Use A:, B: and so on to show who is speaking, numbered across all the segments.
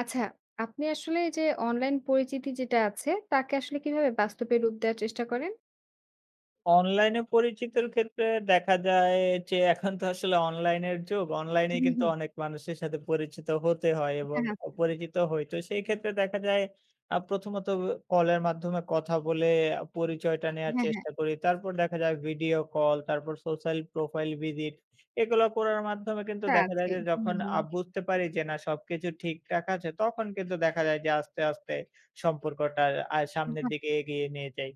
A: আচ্ছা, আপনি আসলে এই যে অনলাইন পরিচিতি যেটা আছে, তাকে আসলে কিভাবে বাস্তবের রূপ দেয়ার চেষ্টা করেন?
B: অনলাইনে পরিচিতির ক্ষেত্রে দেখা যায় যে এখন তো আসলে অনলাইনের যুগ।
A: হু,
B: অনলাইনে কিন্তু
A: হু।
B: অনেক মানুষের সাথে পরিচিত হতে হয় এবং
A: হ্যাঁ, আচ্ছা।
B: পরিচিত হই। তো সেই ক্ষেত্রে দেখা যায় আ প্রথমত অ কলের মাধ্যমে কথা বলে আ পরিচয়টা নেয়ার
A: হ্যাঁ, হ্যাঁ।
B: চেষ্টা করি। তারপর দেখা যায় ভিডিও কল, তারপর সোশ্যাল প্রোফাইল ভিজিট। এগুলা করার মাধ্যমে কিন্তু
A: তা
B: দেখা যায়
A: আছেই,
B: যে
A: হু,
B: যখন
A: হু।
B: আ বুঝতে পারি যে না সবকিছু ঠিকঠাক আছে তখন কিন্তু দেখা যায় যে আস্তে, আস্তে, সম্পর্কটা আ সামনের
A: [unintelligible]
B: দিকে এগিয়ে নিয়ে যাই।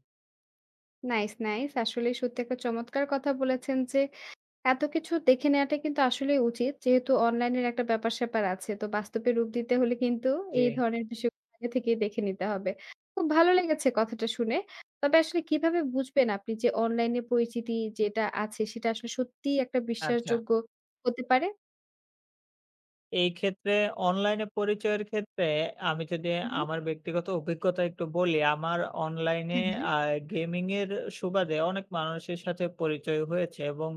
A: Nice, nice. আসলেই সত্যি একটা চমৎকার কথা বলেছেন যে এত কিছু দেখে নেওয়াটাই কিন্তু আসলেই উচিত। যেহেতু অনলাইনের একটা ব্যাপার-স্যাপার আছে, তো বাস্তবের রূপ দিতে হলে কিন্তু এই
B: জি।
A: ধরনের বিষয় আগে থেকেই দেখে নিতে হবে। খুব ভালো লেগেছে কথাটা শুনে। তবে আসলে কিভাবে বুঝবেন, আপনি যে অনলাইনের পরিচিতি যেটা আছে সেটা আসলে সত্যিই একটা
B: আচ্ছা।
A: বিশ্বাসযোগ্য হতে পারে।
B: এই ক্ষেত্রে অনলাইনে পরিচয়ের ক্ষেত্রে আমি যদি
A: হু, হু।
B: আমার ব্যক্তিগত অভিজ্ঞতা একটু বলি, আমার অনলাইনে
A: হুম, হুম।
B: আ গেমিংয়ের সুবাদে অনেক মানুষের সাথে পরিচয় হয়েছে এবং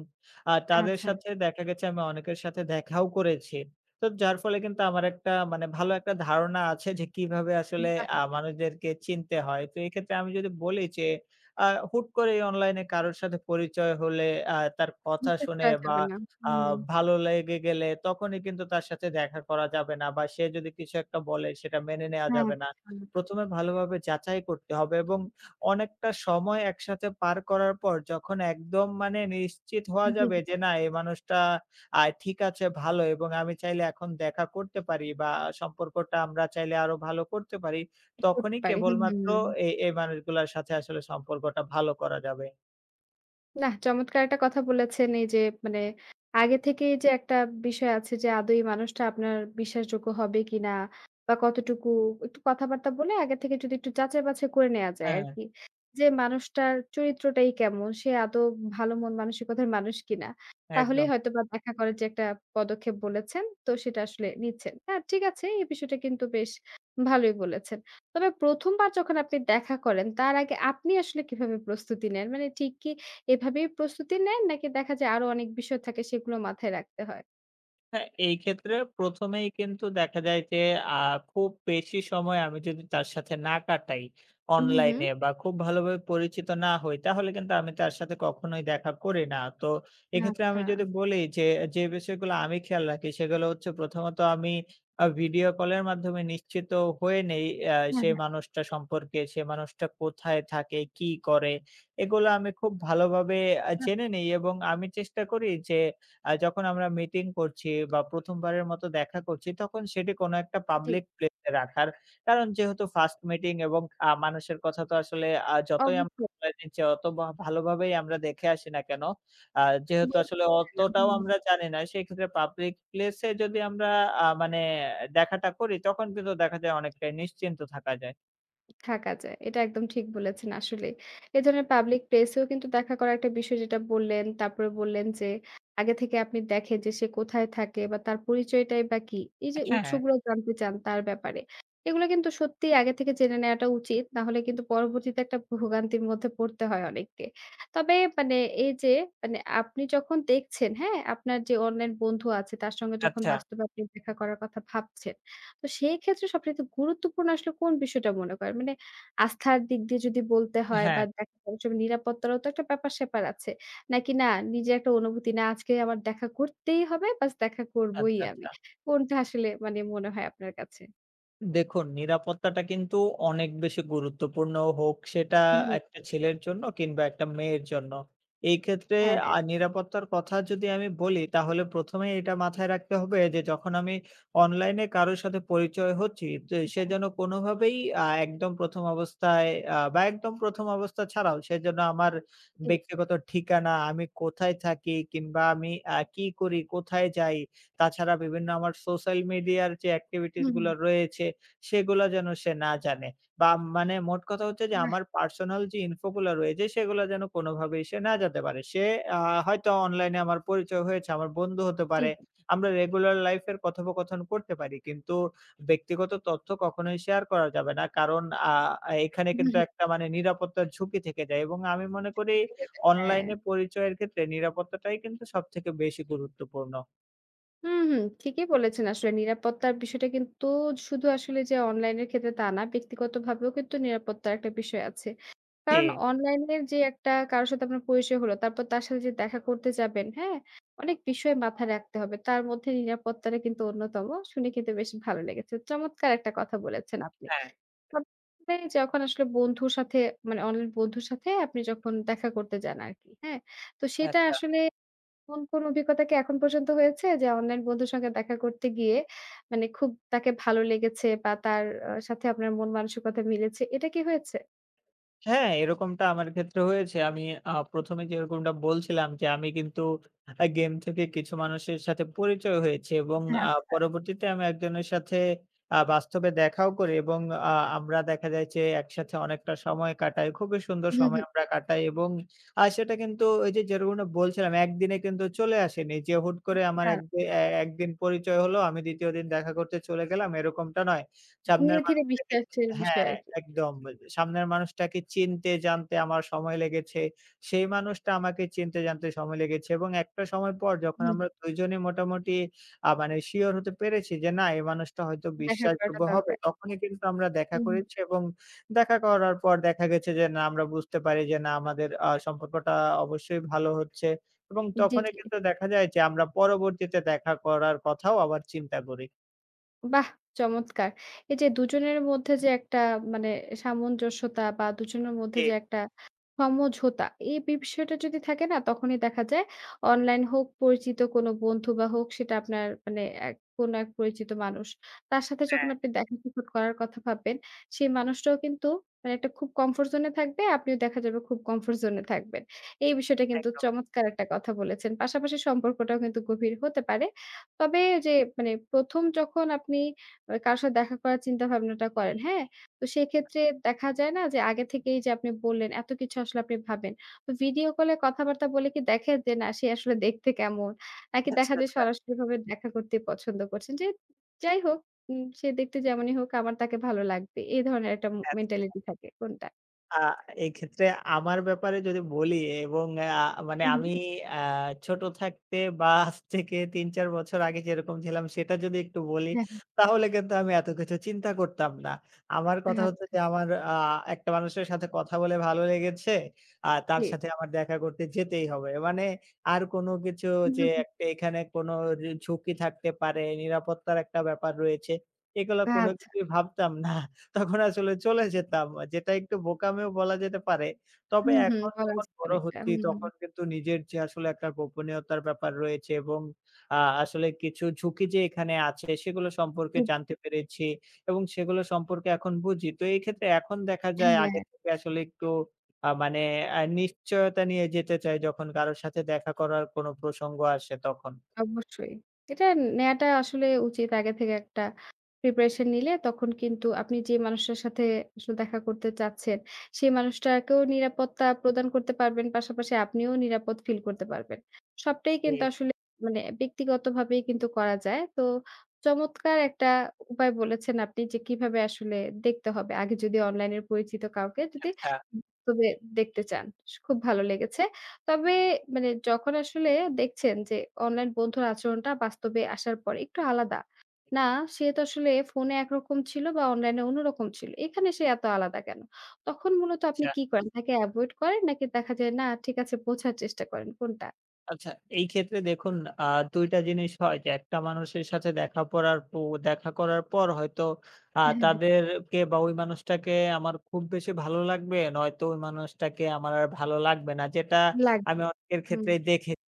B: আ তাদের
A: আচ্ছা।
B: সাথে দেখা গেছে আমি অনেকের সাথে দেখাও করেছি। তো যার ফলে কিন্তু আমার একটা মানে ভালো একটা ধারণা আছে যে কিভাবে
A: উম
B: আসলে
A: বাহ!
B: আ মানুষদেরকে চিনতে হয়। তো এক্ষেত্রে আমি যদি বলি যে আ হুট করেই অনলাইনে কারো সাথে পরিচয় হলে, আ তার কথা
A: হুট-হাট
B: শুনে
A: যাওয়া
B: বা
A: যাবে না।
B: আ
A: হুম।
B: ভালো লেগে গেলে তখনই কিন্তু তার সাথে দেখা করা যাবে না। বা সে যদি কিছু একটা বলে সেটা মেনে নেওয়া
A: হ্যাঁ,
B: যাবে না।
A: আচ্ছা।
B: প্রথমে ভালোভাবে যাচাই করতে হবে এবং অনেকটা সময় একসাথে পার করার পর যখন একদম মানে নিশ্চিত হওয়া
A: জি,
B: যাবে
A: জি।
B: যে না এই মানুষটা আ ঠিক আছে, ভালো এবং আমি চাইলে এখন দেখা করতে পারি বা সম্পর্কটা আমরা চাইলে আরও ভালো করতে পারি।
A: কি করতে
B: তখনই
A: পারি? হুম, হুম,
B: কেবলমাত্র
A: হুম।
B: এ এই মানুষগুলোর সাথে আসলে সম্পর্কটা ভালো করা যাবে।
A: নাহ, চমৎকার একটা কথা বলেছেন এই যে মানে আগে থেকেই যে একটা বিষয় আছে যে আদৌ এই মানুষটা আপনার বিশ্বাসযোগ্য হবে কিনা বা কতটুকু একটু কথাবার্তা বলে আগে থেকে যদি একটু যাচাই বাছাই করে নেয়া যায়
B: হ্যাঁ।
A: আরকি। যে মানুষটার চরিত্রটাই কেমন, সে আদৌ ভালো মন মানসিকতার মানুষ কিনা তাহলেই
B: একদম।
A: হয়তোবা দেখা করার যে একটা পদক্ষেপ বলেছেন তো সেটা আসলে নিচ্ছেন। হ্যাঁ, ঠিক আছে। এই বিষয়টা কিন্তু বেশ ভালোই বলেছেন। তবে ১ম বার যখন আপনি দেখা করেন তার আগে আপনি আসলে কিভাবে প্রস্তুতি নেন? মানে ঠিক কি এভাবেই প্রস্তুতি নেন নাকি দেখা যায় আরও অনেক বিষয় থাকে সেগুলো মাথায় রাখতে হয়?
B: হ্যাঁ, এই ক্ষেত্রে ১ম এই কিন্তু দেখা যায় যে আ খুব বেশি সময় আমি যদি তার সাথে না কাটাই
A: হুম, হুম।
B: অনলাইনে বা খুব ভালোভাবে পরিচিত না হই তাহলে কিন্তু আমি তার সাথে কখনোই দেখা করি না। তো এক্ষেত্রে আমি যদি
A: আচ্ছা।
B: বলি যে, যে বিষয়গুলো আমি খেয়াল রাখি সেগুলো হচ্ছে প্রথমত আমি অ্যা ভিডিও কলের মাধ্যমে নিশ্চিত হয়ে নেই অ্যা
A: হ্যাঁ,
B: সে
A: হ্যাঁ।
B: মানুষটা সম্পর্কে। সে মানুষটা কোথায় থাকে, কি করে এগুলা আমি খুব ভালোভাবে অ্যা
A: হু।
B: জেনে নেই এবং আমি চেষ্টা করি যে আ যখন আমরা মিটিং করছি বা ১ম বারের মতো দেখা করছি তখন সেটি কোন একটা
A: জি।
B: পাবলিক প্লেসে রাখার। কারণ যেহেতু 1st মিটিং এবং আ মানুষের কথা তো আসলে আ যতই আমরা
A: অবশ্যই।
B: জানি যে অত ভ ভালোভাবেই আমরা দেখে আসি না কেন আ
A: [unintelligible]
B: যেহেতু
A: দেয়
B: আসলে
A: না
B: অতটাও
A: হুম।
B: আমরা জানি না সেক্ষেত্রে পাবলিক প্লেসে যদি আমরা আ মানে দেখাটা করি তখন কিন্তু দেখা যায় অনেকটাই নিশ্চিন্ত থাকা যায়।
A: থাকা যায়। এটা একদম ঠিক বলেছেন আসলেই। এই ধরনের পাবলিক প্লেসেও কিন্তু দেখা করা একটা বিষয় যেটা বললেন। তারপরে বললেন যে আগে থেকে আপনি দেখেন যে, সে কোথায় থাকে বা তার পরিচয়টাই বা কি। এই যে
B: আচ্ছা, হ্যাঁ।
A: উৎসগুলো জানতে চান তার ব্যাপারে। এগুলা কিন্তু সত্যিই আগে থেকে জেনে নেওয়াটা উচিত। না হলে কিন্তু পরবর্তীতে একটা ভো ভোগান্তির মধ্যে পড়তে হয় অনেককে। তবে মানে এই যে মানে আপনি যখন দেখছেন, হ্যাঁ? আপনার যে অনলাইন বন্ধু আছে তার সঙ্গে যখন
B: আচ্ছা।
A: বাস্তবে আপনি দেখা করার কথা ভাবছেন। তো সেই ক্ষেত্রে সবচাইতে গুরুত্বপূর্ণ আসলে কোন বিষয়টা মনে করেন? মানে আস্থার দিক দিয়ে যদি বলতে হয় বা
B: হ্যাঁ।
A: দেখা করার সময় নিরাপত্তারও তো একটা ব্যাপার-স্যাপার আছে। নাকি না নিজে একটা অনুভূতি, না আজকে আমার দেখা করতেই হবে, ব্যাস দেখা করবই
B: আচ্ছা,
A: আমি।
B: আচ্ছা।
A: কোনটা আসলে মানে মনে হয় আপনার কাছে?
B: দেখুন নিরাপত্তাটা কিন্তু অনেক বেশি গুরুত্বপূর্ণ হোক সেটা
A: হু, হু।
B: একটা ছেলের জন্য কিংবা একটা মেয়ের জন্য। এক্ষেত্রে
A: হ্যাঁ, হ্যাঁ।
B: আ নিরাপত্তার কথা যদি আমি বলি তাহলে প্রথমেই এটা মাথায় রাখতে হবে যে যখন আমি অনলাইনে কারো সাথে পরিচয় হচ্ছি তো সে
A: হ্যাঁ।
B: যেন কোনোভাবেই আ একদম প্রথম অবস্থায় আ বা একদম প্রথম অবস্থা ছাড়াও সে যেন আমার
A: হুম।
B: ব্যক্তিগত ঠিকানা, আমি কোথায় থাকি কিংবা আমি আ কি করি, কোথায় যাই তাছাড়া বিভিন্ন আমার সোশ্যাল মিডিয়ার যে activities
A: হুম,
B: গুলো
A: হুম।
B: রয়েছে সেগুলো যেন সে না জানে। বা মানে মোটকথা হচ্ছে যে
A: বাহ!
B: আমার personal যে info গুলো রয়েছে সেগুলো যেন কোনোভাবেই সে না জানতে পারে। সে আ হয়তো অনলাইনে আমার পরিচয় হয়েছে, আমার বন্ধু হতে পারে,
A: জি।
B: আমরা regular life এর কথোপকথন করতে পারি কিন্তু, ব্যক্তিগত তথ্য কখনোই share করা যাবে না। কারণ আ এখানে
A: হু, হু,
B: কিন্তু
A: হু।
B: একটা মানে নিরাপত্তার ঝুঁকি থেকে যায়। এবং আমি মনে করি
A: ঠিক আছে হ্যাঁ।
B: অনলাইনে পরিচয়ের ক্ষেত্রে নিরাপত্তাটাই কিন্তু সবথেকে বেশি গুরুত্বপূর্ণ।
A: হু, হু, ঠিকই বলেছেন। আসলে নিরাপত্তার বিষয়টা কিন্তু শুধু আসলে যে অনলাইনের ক্ষেত্রে তা না, ব্যক্তিগতভাবেও কিন্তু নিরাপত্তার একটা বিষয় আছে। কারণ
B: জি।
A: অনলাইনের যে একটা কারো সাথে আপনার পরিচয় হলো তারপর তার সাথে যে দেখা করতে যাবেন হ্যাঁ, অনেক বিষয় মাথায় রাখতে হবে। তার মধ্যে নিরাপত্তাটা কিন্তু অন্যতম। শুনে কিন্তু বেশ ভালো লেগেছে। চমৎকার একটা কথা বলেছেন আপনি।
B: হ্যাঁ।
A: [unintelligible] যখন আসলে বন্ধুর সাথে মানে অনলাইন বন্ধুর সাথে আপনি যখন দেখা করতে যান আরকি, হ্যাঁ। তো সেটা
B: আচ্ছা।
A: আসলে এমন কোন অভিজ্ঞতা কি এখন পর্যন্ত হয়েছে যে অনলাইন বন্ধুর সঙ্গে দেখা করতে গিয়ে মানে খুব তাকে ভালো লেগেছে বা তার সাথে আপনার মন মানসিকতা মিলেছে, এটা কি হয়েছে?
B: হ্যাঁ, এরকমটা আমার ক্ষেত্রে হয়েছে। আমি আ ১ম এ যেরকমটা বলছিলাম যে আমি কিন্তু আ game থেকে কিছু মানুষের সাথে পরিচয় হয়েছি এবং
A: হ্যাঁ,
B: আ
A: আচ্ছা।
B: পরবর্তীতে আমি একজনের সাথে আ বাস্তবে দেখাও করি এবং আ আমরা দেখা যায় যে একসাথে অনেকটা সময় কাটাই। খুবই সুন্দর
A: হু,
B: সময়
A: হু।
B: আমরা কাটাই এবং আ সেটা কিন্তু ওই যে যেরকমটা বলছিলাম একদিনে কিন্তু চলে আসেনি। যে হুট করে আমার
A: আচ্ছা।
B: একদি এ একদিন পরিচয় হলো আমি ২য় দিন দেখা করতে চলে গেলাম এরকমটা নয়। সামনের
A: ধীরে, ধীরে
B: মানুষটাকে
A: বিশ্বাসের বিষয়
B: হ্যাঁ,
A: আরকি।
B: একদম। সামনের মানুষটাকে চিনতে জানতে আমার সময় লেগেছে। সেই মানুষটা আমাকে চিনতে জানতে সময় লেগেছে এবং একটা সময় পর যখন
A: হুম।
B: আমরা দুইজনে মোটামুটি আ মানে শিওর হতে পেরেছি যে না, এই মানুষটা হয়তো
A: দেখা করাটা
B: বিশ্বাসযোগ্য হবে
A: দরকার।
B: তখনই কিন্তু আমরা দেখা
A: হুম।
B: করেছি এবং দেখা করার পর দেখা গেছে যে না, আমরা বুঝতে পারি যে, না আমাদের আ সম্পর্কটা অবশ্যই ভালো হচ্ছে এবং
A: জি,
B: তখনই
A: জি।
B: কিন্তু দেখা যায় যে আমরা পরবর্তীতে দেখা করার কথাও আবার চিন্তা করি।
A: বাহ! চমৎকার। এইযে দুজনের মধ্যে যে একটা মানে সামঞ্জস্যতা বা দুজনের মধ্যে যে
B: ঠিক।
A: একটা সমঝোতা, এই বিষয়টা যদি থাকে না তখনই দেখা যায় অনলাইন হোক, পরিচিত কোনো বন্ধু বা হোক, সেটা আপনার মানে এক কোনো এক পরিচিত মানুষ, তার সাথে যখন
B: হ্যাঁ।
A: আপনি দেখা সাক্ষাৎ করার কথা ভাববেন, সেই মানুষটাও কিন্তু মানে একটা খুব comfort zone-এ থাকবে, আপনিও দেখা যাবে খুব comfort zone-এ থাকবেন, এই বিষয়টা কিন্তু
B: একদম।
A: চমৎকার একটা কথা বলেছেন, পাশাপাশি সম্পর্কটাও কিন্তু গভীর হতে পারে। তবে ওইযে মানে ১ম যখন আপনি মানে কারোর সাথে দেখা করার চিন্তাভাবনাটা করেন, হ্যাঁ, তো সেক্ষেত্রে দেখা যায় না যে, আগে থেকেই যে আপনি বললেন, এত কিছু আসলে আপনি ভাবেন, তো ভিডিও কলে কথাবার্তা বলে কি দেখে যে না সে আসলে দেখতে কেমন? নাকি
B: আচ্ছা,
A: দেখা যে
B: আচ্ছা।
A: সরাসরিভাবে দেখা করতেই পছন্দ করছেন? যে যাই হোক উম সে দেখতে যেমনই হোক আমার তাকে ভালো লাগবে। এই ধরনের একটা ম
B: আচ্ছা, আচ্ছা।
A: mentality থাকে, কোনটা?
B: আ এক্ষেত্রে আমার ব্যাপারে যদি বলি এবং আ মানে
A: হু, হুম।
B: আমি আ ছোট থাকতে বা আজ থেকে ৩-৪ বছর আগে যেরকম ছিলাম সেটা যদি একটু বলি,
A: হ্যাঁ, হ্যাঁ।
B: তাহলে কিন্তু আমি এতো কিছু চিন্তা করতাম না। আমার কথা হচ্ছে
A: আচ্ছা।
B: যে আমার আ একটা মানুষের সাথে কথা বলে ভালো লেগেছে, আ তার
A: জি।
B: সাথে আমার দেখা করতে যেতেই হবে, মানে আর কোনো কিছু
A: হু,
B: যে
A: হু, হু।
B: একটা এখানে কোনোর ঝুঁকি থাকতে পারে, নিরাপত্তার একটা ব্যাপার রয়েছে, এগুলা কোনো
A: আচ্ছা।
B: কিছুই ভাবতাম না। তখন আসলে চলে যেতাম, যেটা একটু বোকামিও বলা যেতে পারে। তবে
A: হুম, হুম।
B: এখন
A: করা
B: যখন
A: যা
B: বড়
A: অনেকটা।
B: হচ্ছি,
A: হুম, হুম।
B: তখন কিন্তু নিজের যে আসলে একটা গোপনীয়তার ব্যাপার রয়েছে এবং আ আসলে কিছু ঝুঁকি যে এখানে আছে সেগুলো সম্পর্কে
A: হুম, হু।
B: জানতে পেরেছি এবং সেগুলো সম্পর্কে এখন বুঝি। তো এই ক্ষেত্রে এখন দেখা যায় আগে
A: হ্যাঁ।
B: থেকে আসলে একটু আ মানে নিশ্চয়তা নিয়ে যেতে চাই যখন কারো সাথে দেখা করার কোনো প্রসঙ্গ আসে তখন।
A: অবশ্যই। এটা নেয়াটা আসলে উচিত, আগে থেকে একটা preparation নিলে তখন কিন্তু আপনি যে মানুষের সাথে আসলে দেখা করতে চাচ্ছেন, সেই মানুষটাকেও নিরাপত্তা প্রদান করতে পারবেন, পাশাপাশি আপনিও নিরাপদ feel করতে পারবেন। সবটাই কিন্তু
B: জি।
A: আসলে মানে ব্যক্তিগতভাবেই কিন্তু করা যায়। তো চমৎকার একটা উপায় বলেছেন আপনি যে, কিভাবে আসলে দেখতে হবে? আগে যদি অনলাইনের পরিচিত কাউকে যদি
B: আচ্ছা।
A: উম তবে দেখতে চান, খুব ভালো লেগেছে। তবে মানে যখন আসলে দেখছেন যে, অনলাইন বন্ধুর আচরণটা বাস্তবে আসার পরে একটু আলাদা, না সে তো আসলে ফোনে একরকম ছিল বা অনলাইনে অন্যরকম ছিল, এখানে সে এত আলাদা কেনো? তখন মূলত আপনি
B: আচ্ছা।
A: কি করেন? তাকে avoid করেন নাকি দেখা যায় না ঠিক আছে বোঝার চেষ্টা করেন, কোনটা?
B: আচ্ছা, এই ক্ষেত্রে দেখুন আ ২ টা জিনিস হয় যে একটা মানুষের সাথে দেখা করার প দেখা করার পর হয়তো আ
A: হ্যাঁ, হ্যাঁ।
B: তাদেরকে বা ওই মানুষটাকে আমার খুব বেশি ভালো লাগবে নয়তো ওই মানুষটাকে আমার আর ভালো লাগবে না যেটা আমি
A: লাগবে,
B: অনেকের
A: হুম।
B: ক্ষেত্রেই দেখেছি।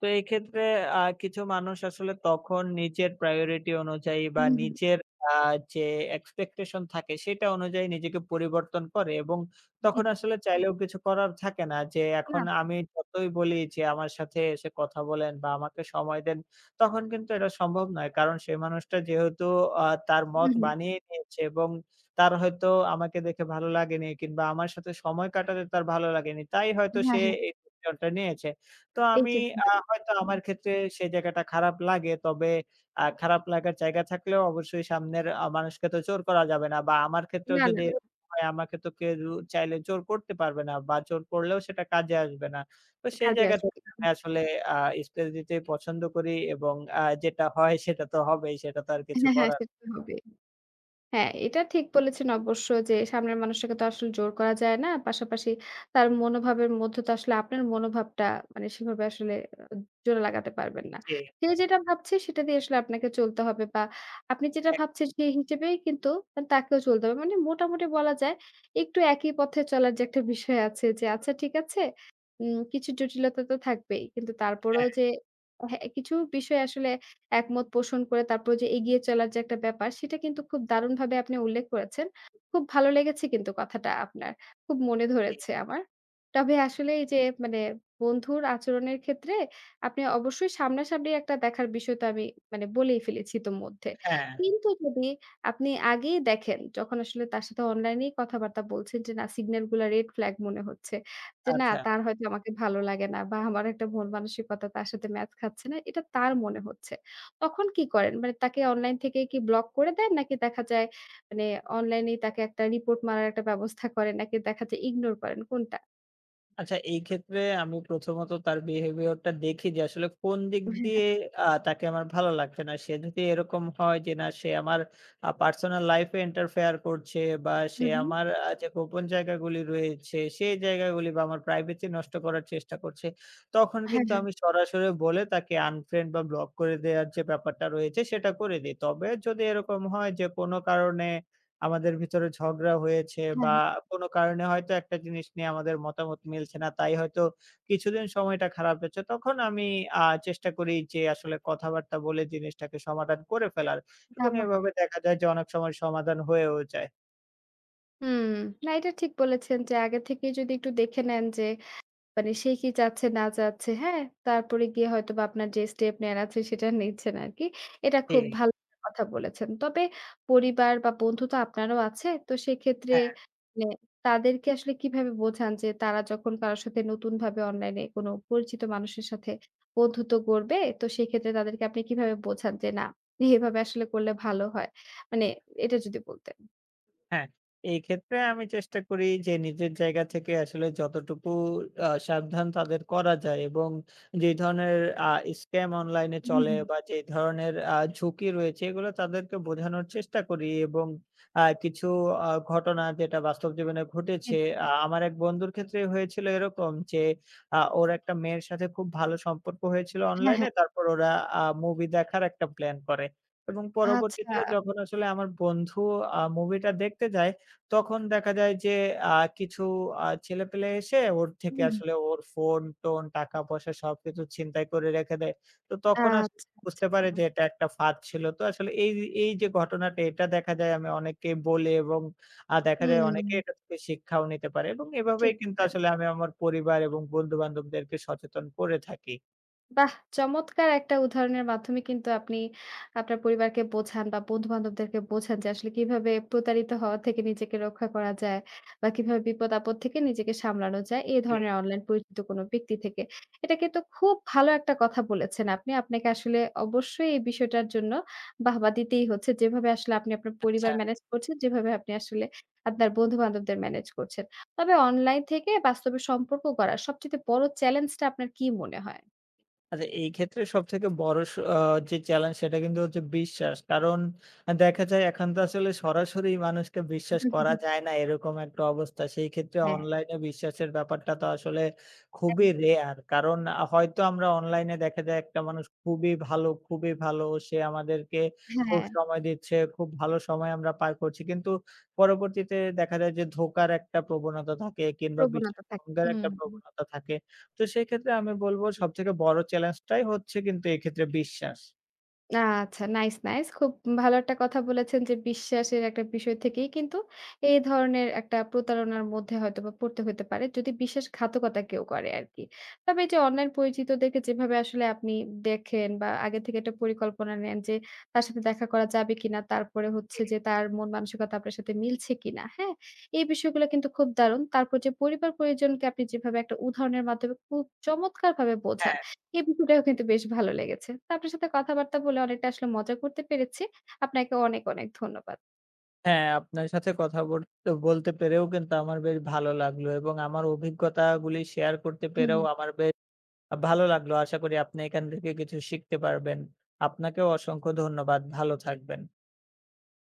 B: তো এই ক্ষেত্রে আ কিছু মানুষ আসলে তখন নিজের প্রায়োরিটি অনুযায়ী
A: হু,
B: বা
A: হু।
B: নিজের আ যে এক্সপেকটেশন থাকে সেটা অনুযায়ী নিজেকে পরিবর্তন করে এবং
A: হু,
B: তখন
A: হু।
B: আসলে চাইলেও কিছু করার থাকে না যে এখন
A: [unintelligible]
B: আমি যতই বলি যে আমার সাথে এসে কথা বলেন বা আমাকে সময় দেন, তখন কিন্তু এটা সম্ভব নয়। কারণ সেই মানুষটা যেহেতু আ তার
A: হু,
B: মত
A: হু।
B: বানিয়ে নিয়েছে এবং তার হয়তো আমাকে দেখে ভালো লাগেনি কিংবা আমার সাথে সময় কাটাতে তার ভালো লাগেনি তাই হয়তো সে
A: হ্যাঁ, হ্যাঁ।
B: এই ডিসিশনটা নিয়েছে। তো
A: এই
B: আমি
A: যে,
B: আ
A: [unintelligible]
B: হয়তো আমার
A: হু।
B: ক্ষেত্রে সে জায়গাটা খারাপ লাগে। তবে আ খারাপ লাগার জায়গা থাকলেও অবশ্যই সামনের আ মানুষকে তো জোর করা যাবে না বা আমার ক্ষেত্রেও
A: না, না।
B: যদি এরকম হয়, আমাকে তো কেউ চাইলে জোর করতে পারবে না বা জোর করলেও সেটা কাজে আসবে না। তো সেই
A: কাজে
B: জায়গা
A: আসবে।
B: থেকে আমি আসলে আ স্পেস দিতেই পছন্দ করি এবং আ যেটা হয় সেটা তো হবেই সেটা তো আর কিছু
A: হ্যাঁ, হ্যাঁ,
B: করার
A: সে তো হবেই। হ্যাঁ, এটা ঠিক বলেছেন অবশ্য যে সামনের মানুষকে তো আসলে জোর করা যায় না। পাশাপাশি তার মনোভাবের মধ্যে তো আসলে আপনার মনোভাবটা মানে সেভাবে আসলে জুড়ে লাগাতে পারবেন না।
B: জি।
A: সে যেটা ভাবছে সেটা দিয়েই আসলে আপনাকে চলতে হবে বা আপনি যেটা
B: হ্যাঁ।
A: ভাবছেন সে হিসেবেই কিন্তু তাকেও চলতে হবে। মানে মোটামুটি বলা যায় একটু একই পথে চলার যে একটা বিষয় আছে যে আচ্ছা ঠিক আছে উম কিছু জটিলতা তো থাকবেই কিন্তু তারপরও
B: হ্যাঁ।
A: যে কিছু বিষয় আসলে একমত পোষণ করে তারপরও যে এগিয়ে চলার যে একটা ব্যাপার সেটা কিন্তু খুব দারুণভাবে আপনি উল্লেখ করেছেন। খুব ভালো লেগেছে কিন্তু কথাটা আপনার। খুব মনে
B: জি।
A: ধরেছে আমার। তবে আসলে এই যে মানে বন্ধুর আচরণের ক্ষেত্রে আপনি অবশ্যই সামনা সামনি একটা দেখার বিষয়টা আমি মানে বলেই ফেলেছি ইতো মধ্যে।
B: হ্যাঁ।
A: কিন্তু যদি আপনি আগেই দেখেন যখন আসলে তার সাথে অনলাইনেই কথাবার্তা বলছেন যে না সিগন্যালগুলা রেড ফ্ল্যাগ মনে হচ্ছে, যে না
B: আচ্ছা।
A: তার হয়তো আমাকে ভালো লাগে না বা আমার একটা মনমানসিকতা তার সাথে ম্যাচ খাচ্ছে না এটা তার মনে হচ্ছে। তখন কি করেন? মানে তাকে অনলাইন থেকেই কি ব্লক করে দেন? নাকি দেখা যায় মানে অনলাইনেই তাকে একটা রিপোর্ট মারার একটা ব্যবস্থা করেন নাকি দেখা যায় ইগনোর করেন, কোনটা?
B: আচ্ছা, এই ক্ষেত্রে আমি প্রথমত তার behavior টা দেখি যে, আসলে কোন দিক
A: হ্যাঁ, হ্যাঁ।
B: দিয়ে আ তাকে আমার ভালো লাগছে না। সে যদি এরকম হয় যে না সে আমার আ personal life এ interfere করছে বা সে
A: হুম, হুম।
B: আমার আ যে গোপন জায়গাগুলি রয়েছে, সেই জায়গাগুলি বা আমার privacy নষ্ট করার চেষ্টা করছে, তখন
A: হ্যাঁ,
B: কিন্তু
A: হ্যাঁ।
B: আমি সরাসরি বলে তাকে unfriend বা block করে দেয়ার যে ব্যাপারটা রয়েছে সেটা করে দেই। তবে যদি এরকম হয় যে কোন কারণে আমাদের ভিতরে ঝগড়া হয়েছে
A: হ্যাঁ,
B: বা
A: হ্যাঁ।
B: কোন কারণে হয়তো একটা জিনিস নিয়ে আমাদের মতামত মিলছে না, তাই হয়তো কিছুদিন সময়টা খারাপ গেছে তখন আমি আ চেষ্টা করি যে, আসলে কথাবার্তা বলে জিনিসটাকে সমাধান করে ফেলার এবং
A: ধাবা
B: এভাবে দেখা যায় যে অনেক সময় সমাধান হয়েও যায়।
A: হুম। না এটা ঠিক বলেছেন যে আগে থেকেই যদি একটু দেখে নেন যে, মানে সে কি চাচ্ছে না চাচ্ছে, হ্যাঁ তারপরে গিয়ে হয়তো বা আপনার যে step নেয়ার আছে সেটা নিচ্ছেন আরকি। এটা খুব
B: জি।
A: ভাল কথা বলেছেন। তবে পরিবার বা বন্ধু তো আপনারও আছে। তো সেক্ষেত্রে
B: হ্যাঁ।
A: মানে তাদেরকে আসলে কিভাবে বোঝান যে, তারা যখন কারো সাথে নতুনভাবে অনলাইনে কোনো অপরিচিত মানুষের সাথে বন্ধুত্ব গোড়বে, তো সেক্ষেত্রে তাদেরকে আপনি কিভাবে বোঝান যে না, এভাবে আসলে করলে ভালো হয়। মানে এটা যদি বলতেন?
B: হ্যাঁ, এই ক্ষেত্রে আমি চেষ্টা করি যে নিজের জায়গা থেকে আসলে যতটুকু আ সাবধান তাদের করা যায় এবং যে ধরনের আ scam অনলাইনে
A: হুম,
B: চলে
A: হুম।
B: বা যে ধরনের আ ঝুঁকি রয়েছে এগুলো তাদেরকে বোঝানোর চেষ্টা করি এবং আ কিছু আ ঘটনা যেটা বাস্তব জীবনে ঘটেছে।
A: [unintelligible]
B: আ আমার এক বন্ধুর ক্ষেত্রেই হয়েছিল এরকম যে আ ওর একটা মেয়ের সাথে খুব ভালো সম্পর্ক হয়েছিল
A: হ্যাঁ,
B: অনলাইনে।
A: হ্যাঁ।
B: তারপর ওরা আ movie দেখার একটা plan করে এবং পরবর্তীতে
A: আচ্ছা।
B: যখন আসলে আমার বন্ধু আ movie টা দেখতে যায় তখন দেখা যায় যে আ কিছু আ ছেলেপেলে এসে ওর
A: হুম,
B: থেকে
A: হুম।
B: আসলে ওর phone টোন, টাকা-পয়সা সবকিছু ছিনতাই করে রেখে দেয়। তো তখন আসলে
A: আচ্ছা,
B: বুঝতে পারে
A: আচ্ছা।
B: যে এটা একটা ফাঁদ ছিল। তো আসলে এই এই যে ঘটনাটা এটা দেখা যায় আমি অনেককে বলি এবং আ দেখা
A: হুম,
B: যায় অনেকে
A: হুম।
B: এটা থেকে শিক্ষাও নিতে পারে এবং এভাবেই
A: ঠিক।
B: কিন্তু আসলে
A: [unintelligible]
B: আমি আমার পরিবার এবং বন্ধুবান্ধবদেরকে সচেতন করে থাকি।
A: বাহ! চমৎকার একটা উদাহরণের মাধ্যমে কিন্তু আপনি আপনার পরিবারকে বোঝান বা বন্ধুবান্ধবদেরকে বোঝান যে আসলে কিভাবে প্রতারিত হওয়া থেকে নিজেকে রক্ষা করা যায়, বা কিভাবে বিপদ-আপদ থেকে নিজেকে সামলানো যায় এই
B: জি।
A: ধরনের অনলাইন পরিচিত কোনো ব্যক্তি থেকে। এটা কিন্তু খুব ভালো একটা কথা বলেছেন আপনি। আপনাকে আসলে অবশ্যই এই বিষয়টার জন্য বাহবা দিতেই হচ্ছে, যেভাবে আসলে আপনি আপনার
B: আচ্ছা।
A: পরিবার manage করছেন, যেভাবে আপনি আসলে আপনার বন্ধুবান্ধবদের manage করছেন। তবে অনলাইন থেকে বাস্তবে সম্পর্ক করার সবচাইতে বড় challenge টা আপনার কি মনে হয়?
B: আচ্ছা, এই ক্ষেত্রে সবথেকে বড় অ যে challenge সেটা কিন্তু হচ্ছে বিশ্বাস, কারণ দেখা যায় এখন তো আসলে সরাসরি মানুষকে
A: হুম,
B: বিশ্বাস
A: হু, হুম,
B: করা
A: হু।
B: যায় না, এরকম একটা অবস্থা। সেই ক্ষেত্রে
A: হ্যাঁ।
B: অনলাইনে বিশ্বাসের ব্যাপারটা তো আসলে
A: হ্যাঁ।
B: খুবই rare. কারণ আ হয়তো আমরা অনলাইনে দেখা যায় একটা মানুষ খুবই ভালো, খুবই ভালো, সে আমাদেরকে খুব
A: হ্যাঁ।
B: সময় দিচ্ছে, খুব ভালো সময় আমরা পার করছি। কিন্তু পরবর্তীতে দেখা যায় যে, ধোঁকার একটা প্রবণতা থাকে কিংবা বিশ্বাস
A: প্রবনতা থাকে।
B: ভঙ্গের
A: হুম,
B: একটা
A: হুম।
B: প্রবণতা থাকে। তো সেক্ষেত্রে আমি বলবো সবথেকে বড় challenge টাই হচ্ছে কিন্তু এক্ষেত্রে বিশ্বাস।
A: আচ্ছা, nice, nice, খুব ভালো একটা কথা বলেছেন যে, বিশ্বাসের একটা বিষয় থেকেই কিন্তু এই ধরনের একটা প্রতারণার মধ্যে হয়তোবা পড়তে হইতে পারে, যদি বিশ্বাসঘাতকতা কেউ করে আরকি। তবে এইযে অনলাইন পরিচিতদেরকে যেভাবে আসলে আপনি দেখেন বা আগে থেকে একটা পরিকল্পনা নেন যে, তার সাথে দেখা করা যাবে কিনা? তারপরে হচ্ছে যে
B: [unintelligible]
A: তার মন মানসিকতা আপনার সাথে মিলছে কিনা, হ্যাঁ? এই বিষয়গুলো কিন্তু খুব দারুণ। তারপর যে পরিবার-পরিজনকে আপনি যেভাবে একটা উদাহরণের মাধ্যমে খুব চমৎকারভাবে বোঝান,
B: হ্যাঁ।
A: এ বিষয় টাও কিন্তু বেশ ভালো লেগেছে। তো আপনার সাথে কথাবার্তা বলে অনেকটা আসলে মজা করতে পেরেছি। আপনাকে অনেক, অনেক ধন্যবাদ।
B: হ্যাঁ, আপনার সাথে কথা বল তে বলতে পেরেও কিন্তু আমার বেশ ভালো লাগলো এবং আমার অভিজ্ঞতাগুলি share করতে
A: হু, হুম।
B: পেরেও আমার বে আ ভালো লাগলো। আশা করি আপনি এখান থেকে কিছু শিখতে পারবেন। আপনাকেও অসংখ্য ধন্যবাদ, ভালো থাকবেন।